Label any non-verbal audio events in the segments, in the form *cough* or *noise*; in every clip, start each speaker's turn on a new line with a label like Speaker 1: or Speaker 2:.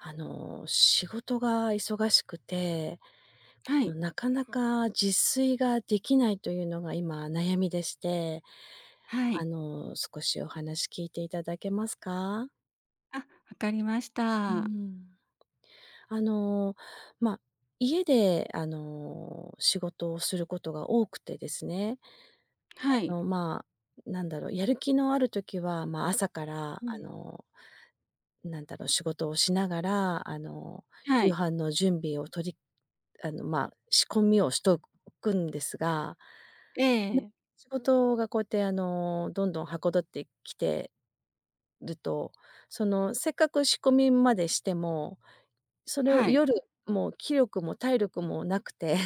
Speaker 1: あの、仕事が忙しくて、
Speaker 2: はい。
Speaker 1: なかなか自炊ができないというのが今悩みでして、
Speaker 2: は
Speaker 1: あ
Speaker 2: い。
Speaker 1: の少しお話聞いていただけますか？
Speaker 2: あ、わかりまし
Speaker 1: うー
Speaker 2: た。
Speaker 1: ん。あの、ま、家であの仕事をすることが多くてですね。
Speaker 2: は
Speaker 1: あ
Speaker 2: い。
Speaker 1: の、ま、なんだろう、やる気のある時は、ま、朝から
Speaker 2: う
Speaker 1: あ
Speaker 2: ん。
Speaker 1: の、なんだろう、仕事をしながらあの、
Speaker 2: は
Speaker 1: 夕
Speaker 2: い。
Speaker 1: 飯の準備をとりあの、ま、仕込みをしとくんですが、な
Speaker 2: ええ。
Speaker 1: 仕事がこうやってあの、どんどん、捗ってきてると、そのせっかく仕込みまでしても、それを
Speaker 2: はい。
Speaker 1: 夜もう、気力も体力もなくて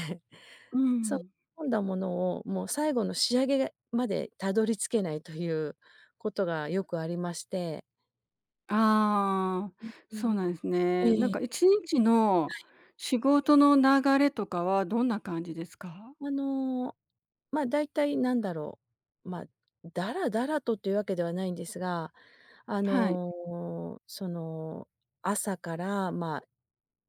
Speaker 2: う
Speaker 1: そう、仕
Speaker 2: ん。
Speaker 1: 込んだものをもう、最後の仕上げまでたどり着けないということがよくありまして。
Speaker 2: ああ、
Speaker 1: うん、う
Speaker 2: そう
Speaker 1: んう
Speaker 2: な
Speaker 1: ん。
Speaker 2: んですね。なん
Speaker 1: ええ。
Speaker 2: か1日の
Speaker 1: はい。
Speaker 2: 仕事の流れとかはどんな感じですか？
Speaker 1: あの、ま、だいたいなんだろう、ま、ダラダラとというわけではないんですが、あ
Speaker 2: はい。
Speaker 1: の、その朝からま、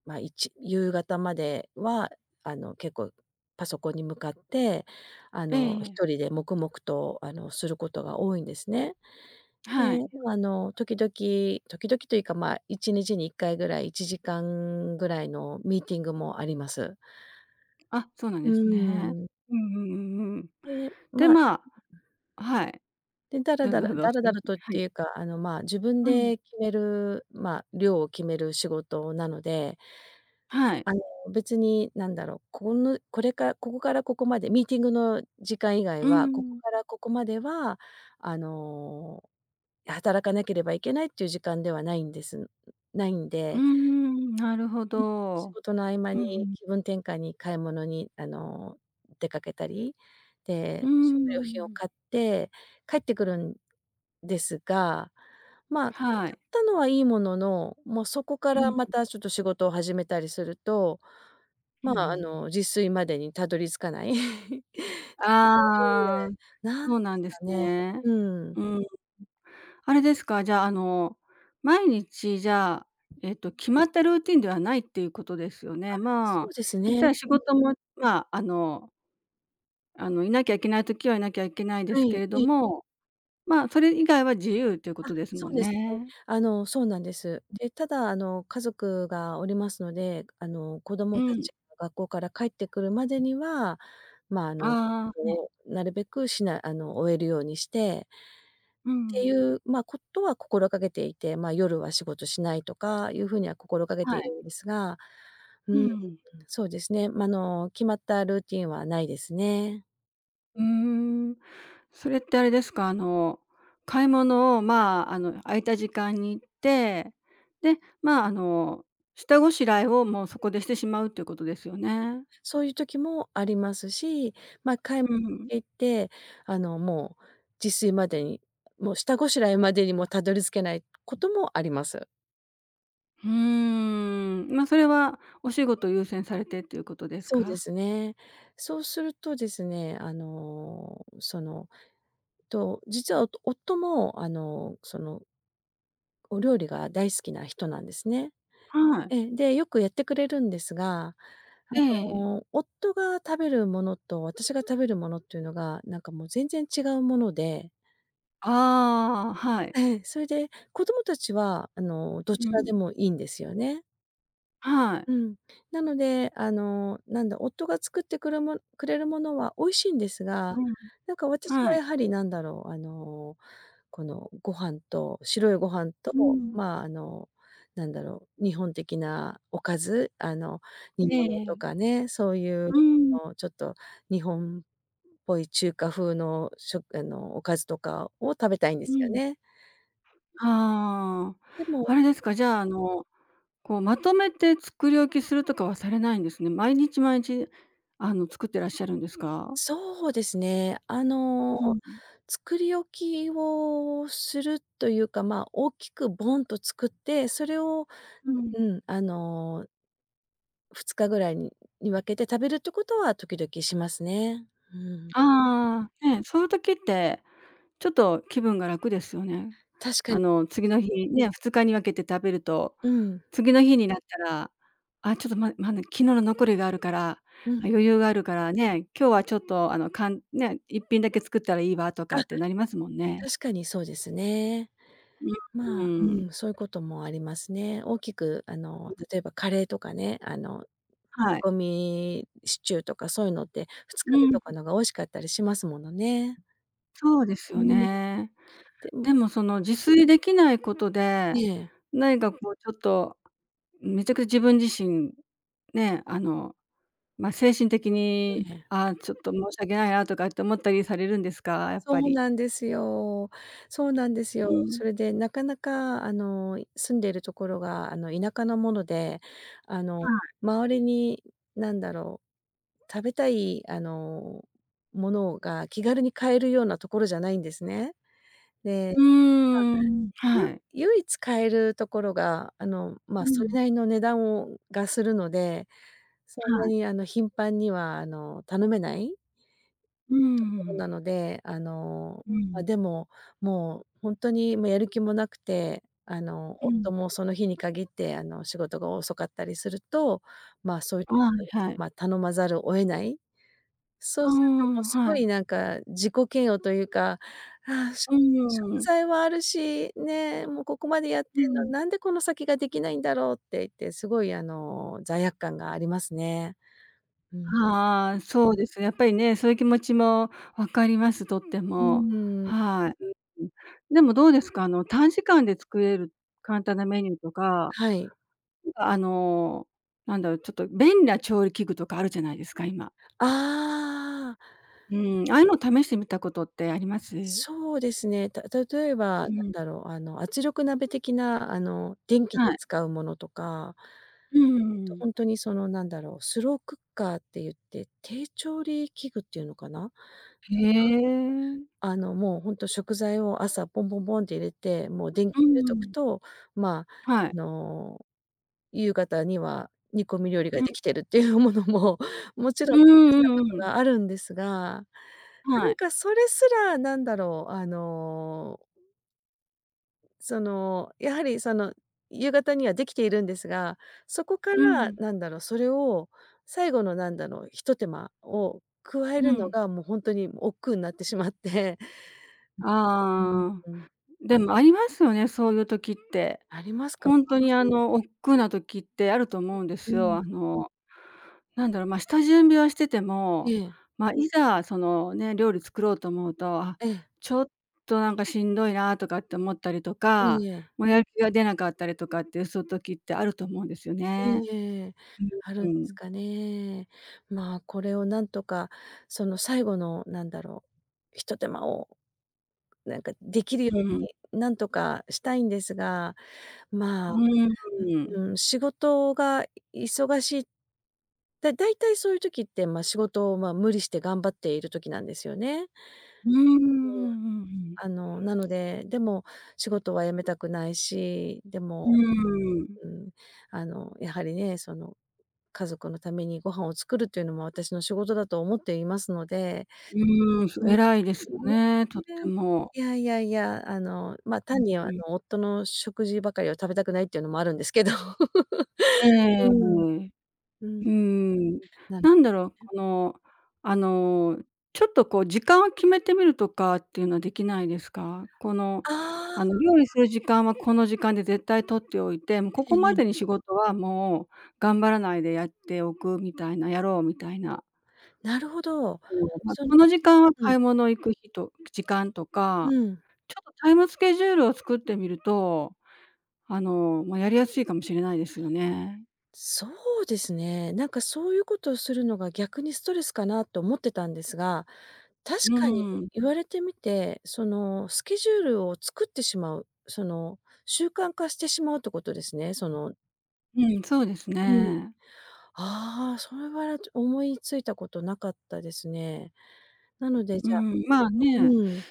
Speaker 1: ま、いち夕方まではあの結構パソコンに向かって、あ
Speaker 2: え
Speaker 1: の
Speaker 2: え。
Speaker 1: 一人で黙々とあのすることが多いんですね。
Speaker 2: は
Speaker 1: で、
Speaker 2: い。
Speaker 1: あの時々時々というか、ま、1日に1回ぐらい1時間ぐらいのミーティングもあります。
Speaker 2: あ、そうなん
Speaker 1: う
Speaker 2: ですね。
Speaker 1: ーん。
Speaker 2: うんうんうんうん。
Speaker 1: で、
Speaker 2: で、
Speaker 1: まあ
Speaker 2: ま
Speaker 1: *unintelligible*
Speaker 2: はい。
Speaker 1: で、ダラ
Speaker 2: ど
Speaker 1: ダ
Speaker 2: ど
Speaker 1: ラ
Speaker 2: ど、
Speaker 1: ダラ
Speaker 2: う
Speaker 1: ダ
Speaker 2: ん。
Speaker 1: ラとっ
Speaker 2: は
Speaker 1: て
Speaker 2: い。
Speaker 1: いうか、あの、ま、自分
Speaker 2: うん。
Speaker 1: で決める、まあ量を決める仕事なので
Speaker 2: はい。
Speaker 1: あの別に何だろう、このこれからここからここまで、ミーティングの時間以外
Speaker 2: う
Speaker 1: は、ここ
Speaker 2: ん。
Speaker 1: からここまでは、あの働かなければいけないっていう時間ではないんです。ないん
Speaker 2: うー
Speaker 1: で
Speaker 2: ん、なるほ
Speaker 1: うん、仕
Speaker 2: ど。
Speaker 1: 事の合間
Speaker 2: うんう
Speaker 1: に
Speaker 2: ん。
Speaker 1: 気分転換に買い物に、あの出かけたり。
Speaker 2: うー
Speaker 1: で、食料品を
Speaker 2: ん。
Speaker 1: 買って帰ってくるんですが。ま、買
Speaker 2: はい。
Speaker 1: ったのはいいものの、もうそこか
Speaker 2: う
Speaker 1: らま
Speaker 2: ん。
Speaker 1: たちょっと仕事を始めたりすると、
Speaker 2: うん
Speaker 1: ま
Speaker 2: う
Speaker 1: あ、あ
Speaker 2: ん。
Speaker 1: の自炊までにたどり着かない。*laughs* *unintelligible*
Speaker 2: ああ、
Speaker 1: 何
Speaker 2: そ
Speaker 1: で
Speaker 2: うなん
Speaker 1: す
Speaker 2: で
Speaker 1: か
Speaker 2: す
Speaker 1: ね。
Speaker 2: ね。
Speaker 1: うん。
Speaker 2: うん。あれですか、じゃあ、あの毎日じゃあ、えっと、決まったルーティンではないっていうことですよ
Speaker 1: あ、
Speaker 2: ね。
Speaker 1: そ
Speaker 2: まあ、
Speaker 1: うです
Speaker 2: 言っ
Speaker 1: ね。
Speaker 2: たら仕
Speaker 1: うん。
Speaker 2: 事もまあ、あのあの、いなきゃいけない時は、いなきゃいけないで
Speaker 1: は
Speaker 2: すけ
Speaker 1: い、
Speaker 2: れど
Speaker 1: ええ。
Speaker 2: も、まあ、それ以外は、自由というこ
Speaker 1: あ、
Speaker 2: とです
Speaker 1: そ
Speaker 2: も
Speaker 1: う
Speaker 2: ん
Speaker 1: ですね。
Speaker 2: ね。
Speaker 1: あの、そうなんです。
Speaker 2: うん。
Speaker 1: で、ただあの、家族がおりますので、くあの、子
Speaker 2: う
Speaker 1: 供た
Speaker 2: ん。
Speaker 1: ちが、学校から帰ってくるまでには、まあ、あ
Speaker 2: あ
Speaker 1: の、
Speaker 2: あああ、ね。
Speaker 1: こう、なるべくしなあの、終えるようにして
Speaker 2: う
Speaker 1: ってい
Speaker 2: ん。
Speaker 1: う、ま、ことは心がけていて。ま、夜は仕事しないとか、いう風には心掛け
Speaker 2: は
Speaker 1: てい
Speaker 2: い。
Speaker 1: るんですが。う
Speaker 2: う
Speaker 1: ーん、
Speaker 2: ん。
Speaker 1: そうですね。まあ、あの、決まったルーティンはないですね。
Speaker 2: うーん。それってあれですか、あの、買い物を、
Speaker 1: はい。
Speaker 2: まあ、あの、空いた時間に行って、で、まあ、あの、下ごしらえを、もうそこでしてしまうということですよね？
Speaker 1: そういう時もありますし、ま、買い
Speaker 2: うん、ううん。
Speaker 1: 行って、あの、もう自炊までに、もう下ごしらえまでにも、たどり着けないこともあります。
Speaker 2: ふーん。ま、それは、お仕事優先されて、っていうことです
Speaker 1: そうで
Speaker 2: か？
Speaker 1: すね。そうするとですね、あの、その、と、実はおと夫も、あの、そのお料理が大好きな人なんですね。
Speaker 2: はい。
Speaker 1: ええ、で、よくやってくれるんですが、
Speaker 2: え
Speaker 1: あ
Speaker 2: え。
Speaker 1: の、夫が食べるものと、私が食べるものっていうのが、なんかもう全然違うもので。
Speaker 2: ああ、はい。
Speaker 1: ええ、それで、子供たちは、あの、ど
Speaker 2: う
Speaker 1: ちら
Speaker 2: ん。
Speaker 1: でもいいんですよね。
Speaker 2: はい。
Speaker 1: うん。なので、あの、なんだ、夫が作ってくるもくれるものは美味しいんです
Speaker 2: う
Speaker 1: が、
Speaker 2: ん。
Speaker 1: なんか私
Speaker 2: は
Speaker 1: は
Speaker 2: い。
Speaker 1: やはり何だろう、あの、このご飯と、白いご飯と、
Speaker 2: うん。
Speaker 1: まあ、あの、何だろう、日本的なおかず、あの、煮
Speaker 2: ええ
Speaker 1: 物と
Speaker 2: ええ。
Speaker 1: かね、そういう
Speaker 2: うーん。
Speaker 1: のちょっと日本っぽい中華風のしょあの、おかずとかを食べたいんで
Speaker 2: う
Speaker 1: すよ
Speaker 2: ん。
Speaker 1: ね。うん。
Speaker 2: はあ、
Speaker 1: でも
Speaker 2: あれですか、じゃあ、あの、こう、まとめて作り置きするとかはされないんですね。毎日、まいち、あの、作ってらっしゃるんですか？
Speaker 1: そうですね。あの、
Speaker 2: うんうん。
Speaker 1: 作り置きをするというか、ま、大きくボンと作って、それを、
Speaker 2: うん。
Speaker 1: ううん、あの2日ぐらいにに分けて食べるってことは時々しますね。うん。
Speaker 2: ああ、ね、そういう時って、ちょっと気分が楽ですよね。
Speaker 1: 確か
Speaker 2: あ
Speaker 1: に。
Speaker 2: の、次の日ね、2日に分けて食べると、
Speaker 1: うん。
Speaker 2: 次の日になったら、あ、ちょっとままね、昨日の残りがあるから、あ、
Speaker 1: うん。
Speaker 2: 余裕があるからね、今日はちょっとあの、かんね、1品だけ作ったらいいわと
Speaker 1: あ、
Speaker 2: かってなりますもんね。
Speaker 1: 確かにそうですね。
Speaker 2: うん、う
Speaker 1: まあ、う
Speaker 2: ーん。
Speaker 1: ん、そういうこともありますね。大きくあ
Speaker 2: う
Speaker 1: の、
Speaker 2: うん。
Speaker 1: 例えばカレーとかね、あの、煮
Speaker 2: はい。
Speaker 1: 込みシチューとかそういうのってふつ
Speaker 2: う
Speaker 1: かめ
Speaker 2: ん
Speaker 1: と
Speaker 2: う
Speaker 1: か
Speaker 2: ん。
Speaker 1: のが美味しかったりしますものね。
Speaker 2: そうです
Speaker 1: う
Speaker 2: よ
Speaker 1: ん。
Speaker 2: ね。
Speaker 1: でも
Speaker 2: でもその自炊できないことで、
Speaker 1: ええ。
Speaker 2: 何かこうちょっと、めちゃく自分自身ね、あの、ま、精神的
Speaker 1: い
Speaker 2: に
Speaker 1: え。
Speaker 2: ああ、ちょっと申し訳ないなとかって思ったりされるんですか？やっぱ
Speaker 1: そう
Speaker 2: り。
Speaker 1: なんですよそうなんです
Speaker 2: う
Speaker 1: よ。
Speaker 2: ん。
Speaker 1: それでなかなかあの、い住んでるところがあの、田舎のもので、あの、
Speaker 2: はい。
Speaker 1: 周りに何だろう、食べたいあの、ものが気軽に買えるようなところじゃないんですね。で、ま
Speaker 2: う
Speaker 1: あ、
Speaker 2: ーん、
Speaker 1: ゆ
Speaker 2: はい。
Speaker 1: 唯一買えるところがあの、ま、
Speaker 2: うう
Speaker 1: それ
Speaker 2: ん。
Speaker 1: なりの値段をがするので、そんな
Speaker 2: はい。
Speaker 1: にあの、頻繁にはあの、頼めない
Speaker 2: ううん、う
Speaker 1: と
Speaker 2: う
Speaker 1: ころな
Speaker 2: ん。
Speaker 1: ので、あの、
Speaker 2: うん。
Speaker 1: あ、でも、もうほんとにもうやる気もなくて、あの、
Speaker 2: う
Speaker 1: 夫
Speaker 2: ん。
Speaker 1: もその日に限って、あの、仕事が遅かったりすると、まあ、そういう
Speaker 2: あい
Speaker 1: *unintelligible*
Speaker 2: はい。
Speaker 1: ま、頼まざるを得ない。そ
Speaker 2: あ
Speaker 1: う
Speaker 2: あ、あ
Speaker 1: するともう
Speaker 2: ん、
Speaker 1: す
Speaker 2: は
Speaker 1: ご
Speaker 2: い。
Speaker 1: いなんか、自己嫌悪というか、ああ、しょ
Speaker 2: う
Speaker 1: 食
Speaker 2: ーん。
Speaker 1: 材もあるし、ね、もうここまでやって
Speaker 2: う
Speaker 1: んのに、
Speaker 2: ん。
Speaker 1: なんでこの先ができないんだろうって言って、すごい、あの、罪悪感がありますね。うん。
Speaker 2: はあ、そうですね。やっぱりね、そういう気持ちも分かります、とって
Speaker 1: うう
Speaker 2: も。
Speaker 1: ーん。
Speaker 2: はい。うん、うん。でもどうですか？あの、短時間で作れる簡単なメニューとか、
Speaker 1: はい。
Speaker 2: うあの、なんだろう、ちょっと便利な調理器具とかあるじゃないですか、今。
Speaker 1: ああ。
Speaker 2: うん、ああいうのを試してみたことってあります？
Speaker 1: そうですね。た例えば
Speaker 2: う
Speaker 1: なん
Speaker 2: ん。
Speaker 1: だろうあの、圧力鍋的な、あの、電気
Speaker 2: は
Speaker 1: で
Speaker 2: い。
Speaker 1: 使うものとか
Speaker 2: うんう
Speaker 1: と、
Speaker 2: んうん。
Speaker 1: ほんとにその何だろう、スロークッカーって言って、低調理器具っていうのかな、なんか、
Speaker 2: へえ。
Speaker 1: あの、もうほんと食材を朝ボンボンボンって入れて、もう電気
Speaker 2: う
Speaker 1: 入れ
Speaker 2: んう
Speaker 1: とく
Speaker 2: ん。
Speaker 1: と、まあ、
Speaker 2: はい。
Speaker 1: あの、夕方には煮込み料理が
Speaker 2: うん。
Speaker 1: できてるっていうものももちろ
Speaker 2: う
Speaker 1: ん試し
Speaker 2: んう
Speaker 1: た
Speaker 2: ん
Speaker 1: こと
Speaker 2: うん。
Speaker 1: があるんですが、な
Speaker 2: は
Speaker 1: ん
Speaker 2: い。
Speaker 1: かそれすら何だろう、あの、うんその、やはりその夕方にはできているんですが、そこか
Speaker 2: う
Speaker 1: ら
Speaker 2: ん。
Speaker 1: なんだろう、それを最後のなんだろう、一手間を加え
Speaker 2: う
Speaker 1: るの
Speaker 2: ん。
Speaker 1: が、もうほんとにもう億劫なってしまって、うん、
Speaker 2: ああ、
Speaker 1: ううん、うん。
Speaker 2: でもありますよね、そういう時って。
Speaker 1: ありますか？
Speaker 2: ほんとにあ
Speaker 1: うん。
Speaker 2: の、億劫な時ってあると思うんで
Speaker 1: うう
Speaker 2: すよ。
Speaker 1: ん。
Speaker 2: あの、なんだろう、ま、下準備はしてて
Speaker 1: え
Speaker 2: も、
Speaker 1: え。
Speaker 2: ま、いざその、ね、料理作ろうと思うと、あ、
Speaker 1: ええ。
Speaker 2: ちょっとなんかしんどいなとかって思ったりと
Speaker 1: い
Speaker 2: か、
Speaker 1: いえ。
Speaker 2: もうやる気が出なかったりとかってそういう時ってあると思うんですよ
Speaker 1: いい
Speaker 2: ね。
Speaker 1: え、ある
Speaker 2: う
Speaker 1: んで
Speaker 2: ん、う
Speaker 1: す
Speaker 2: ん。
Speaker 1: かね。まあ、これを何とかその最後の何だろう、一手間をなんかできるよ
Speaker 2: う
Speaker 1: う
Speaker 2: ーん。
Speaker 1: になんとかしたいんですが、ま
Speaker 2: う
Speaker 1: あ、
Speaker 2: ーんうーん。
Speaker 1: うーん、仕事がい忙しい。で、大体そういう時って、ま、仕事を、ま、無理して頑張っている時なんですよね。
Speaker 2: うんうん
Speaker 1: うん、
Speaker 2: うんうんうん。
Speaker 1: あの、なので、でも仕事は辞めたくないし、で
Speaker 2: う
Speaker 1: も、
Speaker 2: ーん。
Speaker 1: うん、あの、やはりね、その、家族のためにご飯を作るというのも、私の仕事だと思っていますので。
Speaker 2: うーん、す
Speaker 1: うん、い
Speaker 2: 偉いですよ
Speaker 1: いえ、
Speaker 2: ね、とっ
Speaker 1: ぴ
Speaker 2: て
Speaker 1: らい、
Speaker 2: も。
Speaker 1: いやいやいや、あの、ま、
Speaker 2: う
Speaker 1: 単
Speaker 2: ん
Speaker 1: にあ
Speaker 2: う
Speaker 1: の、
Speaker 2: ん。
Speaker 1: 夫の食事ばかりを食べたくないっていうのもあるんですけど。
Speaker 2: えええ
Speaker 1: *laughs*
Speaker 2: えええええええ。
Speaker 1: うん、
Speaker 2: う
Speaker 1: うん。
Speaker 2: ーん。
Speaker 1: なん
Speaker 2: なんだろう、
Speaker 1: うん。
Speaker 2: この、あの、ちょっとこう時間を決めてみるとかっていうのはできないですか？この、
Speaker 1: あ
Speaker 2: あの、
Speaker 1: あ。
Speaker 2: 料理する時間はこの時間で絶対取っておいて、もうこ
Speaker 1: え
Speaker 2: こ
Speaker 1: え
Speaker 2: ま
Speaker 1: え
Speaker 2: で
Speaker 1: え。
Speaker 2: に仕事はもう頑張らないでやっておくみたいな、やろうみたいな。
Speaker 1: なるほど。
Speaker 2: そう、ま、
Speaker 1: その
Speaker 2: この時間は
Speaker 1: う
Speaker 2: 買い
Speaker 1: ん。
Speaker 2: 物行く日と時間とか、
Speaker 1: うん。
Speaker 2: ちょっとタイムスケジュールを作ってみると、あの、ま、やりやすいかもしれないですよね。
Speaker 1: そうですね。なんかそういうことをするのが、逆にストレスかなと思ってたんですが、確
Speaker 2: う
Speaker 1: かに
Speaker 2: ーん、う
Speaker 1: 言
Speaker 2: ん。
Speaker 1: われてみて、そのスケジュールを作ってしまう。その習慣化してしまうってことですね？その
Speaker 2: うん、そうです
Speaker 1: うん。
Speaker 2: ね。
Speaker 1: ああ、それはれちょ思いついたことなかったですね。なので、
Speaker 2: うー
Speaker 1: じゃ
Speaker 2: ん、まあ
Speaker 1: う
Speaker 2: ね。
Speaker 1: ーん。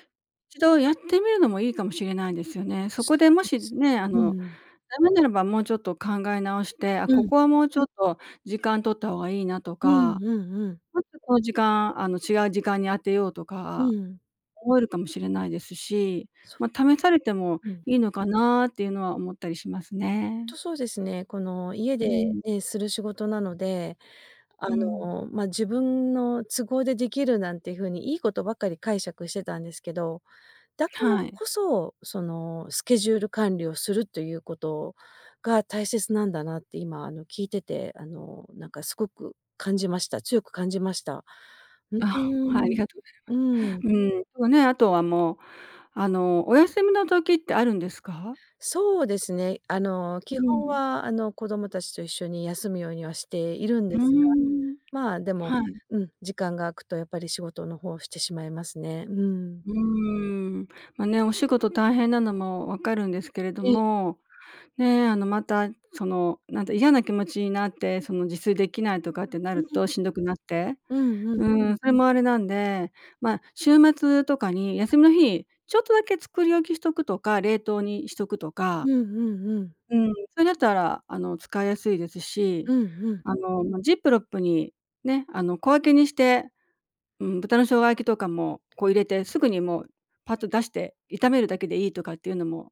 Speaker 2: 一度やってみるのもいいかもしれないですよね。そこ
Speaker 1: そ
Speaker 2: でも
Speaker 1: うで
Speaker 2: し
Speaker 1: す。
Speaker 2: ね、あ
Speaker 1: う
Speaker 2: の
Speaker 1: ん。
Speaker 2: ダメならばもうちょっと考え直して、あ、
Speaker 1: う
Speaker 2: こ
Speaker 1: ん。
Speaker 2: こはもうちょっと時間取った方がいいなと
Speaker 1: うん
Speaker 2: か、
Speaker 1: うんうん。
Speaker 2: もっとこの時間、あの違う時間に当てようと
Speaker 1: う
Speaker 2: か、
Speaker 1: ん。
Speaker 2: 思えるかもしれないですし、
Speaker 1: そ、
Speaker 2: ま試されても
Speaker 1: うん。
Speaker 2: いいのかなっていうのは思ったりしますね。
Speaker 1: とそうですね、この家
Speaker 2: うー
Speaker 1: で、
Speaker 2: ん。
Speaker 1: ええ、する仕事なので、あ
Speaker 2: うん。
Speaker 1: の、ま自分の都合でできるなんて風にいいことばっかり解釈してたんですけど、だから
Speaker 2: はい。
Speaker 1: こそ、そのスケジュール管理をするということが大切なんだなって今あの聞いてて、あのなんかすごく感じました。強く感じました。うう
Speaker 2: あ、はい、あ
Speaker 1: ー
Speaker 2: り
Speaker 1: ん。
Speaker 2: がとう
Speaker 1: う
Speaker 2: ござい
Speaker 1: ん。
Speaker 2: ます。うん、そうね、あとはもうあのお休みの時ってあるんですか？
Speaker 1: そうですね。あの、基
Speaker 2: う
Speaker 1: 本
Speaker 2: ん。
Speaker 1: はあの子供たちと一緒に休むようにはしているん
Speaker 2: う
Speaker 1: で
Speaker 2: ー
Speaker 1: すが、
Speaker 2: ん。
Speaker 1: までも、
Speaker 2: はい。
Speaker 1: うん、時間が空くとやっぱり仕事の方をしてしまいますね。うん。
Speaker 2: うーん、まね、お仕事大変なのも分かるんですけれど
Speaker 1: ええ。
Speaker 2: も、ね、あのまたそのなんだ、嫌な気持ちになって、その自炊できないとかってな
Speaker 1: う
Speaker 2: る
Speaker 1: ん。
Speaker 2: としんどくなって。
Speaker 1: うんうん。
Speaker 2: うん、それもあれなんで、ま週末とかに
Speaker 1: は
Speaker 2: 休
Speaker 1: い。
Speaker 2: みの日、ちょっとだけ作り置きしとくとか、冷凍にしとくと
Speaker 1: う
Speaker 2: か。
Speaker 1: んうんうん。
Speaker 2: うん、それだったらあの使いやすいですし、
Speaker 1: うんうん。
Speaker 2: あの、ジップロックにね、あの小分けにして、うん、豚の生姜焼きとかもこう入れてすぐにもうパッと出して炒めるだけでいいとかっていうのも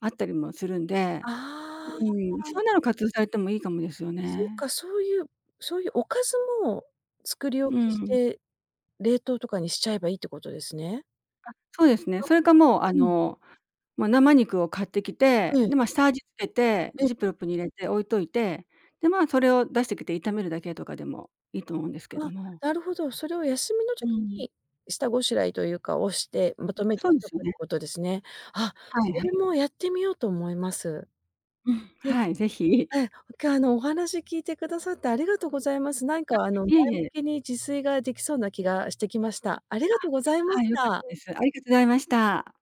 Speaker 2: あったりもするんで、
Speaker 1: あ
Speaker 2: うん、
Speaker 1: あ。
Speaker 2: そんなの活用されてもいいかもですよ
Speaker 1: そう
Speaker 2: ね。
Speaker 1: か、そういうそういうおかずも作り
Speaker 2: う
Speaker 1: 置き
Speaker 2: ー
Speaker 1: し
Speaker 2: ん。
Speaker 1: て、冷凍とかにしちゃえばいいってことですね。
Speaker 2: あそうですね。
Speaker 1: あ、
Speaker 2: それかもうあ
Speaker 1: うん。
Speaker 2: のま生肉を買ってき
Speaker 1: う
Speaker 2: て、
Speaker 1: ん。
Speaker 2: でま下味つけて、
Speaker 1: うん。
Speaker 2: ジップロックに入れて置いといて、でま、それを出してきて炒めるだけとかでもいいと思うんですけど
Speaker 1: あ、
Speaker 2: も。
Speaker 1: なるほど。それを休みの
Speaker 2: う
Speaker 1: 時
Speaker 2: ん。
Speaker 1: に、下ごしらえというか、をしてまとめて
Speaker 2: そう
Speaker 1: し
Speaker 2: で
Speaker 1: とく
Speaker 2: す
Speaker 1: っ
Speaker 2: よね。
Speaker 1: てことですね。あ、
Speaker 2: はい
Speaker 1: そ
Speaker 2: は
Speaker 1: れ
Speaker 2: い。
Speaker 1: もやってみようと思います。
Speaker 2: うん、
Speaker 1: ええ。
Speaker 2: はい、ぜひ。
Speaker 1: ええ。今日あのお話聞いてくださってありがとうございます。なん
Speaker 2: あ、
Speaker 1: かあの前
Speaker 2: いえい
Speaker 1: 向
Speaker 2: え。
Speaker 1: きに自炊ができそうな気がしてきました。ありがとうござい
Speaker 2: あ、
Speaker 1: ま
Speaker 2: は
Speaker 1: し
Speaker 2: い、良かっ
Speaker 1: た。
Speaker 2: たです。ありがとうございました。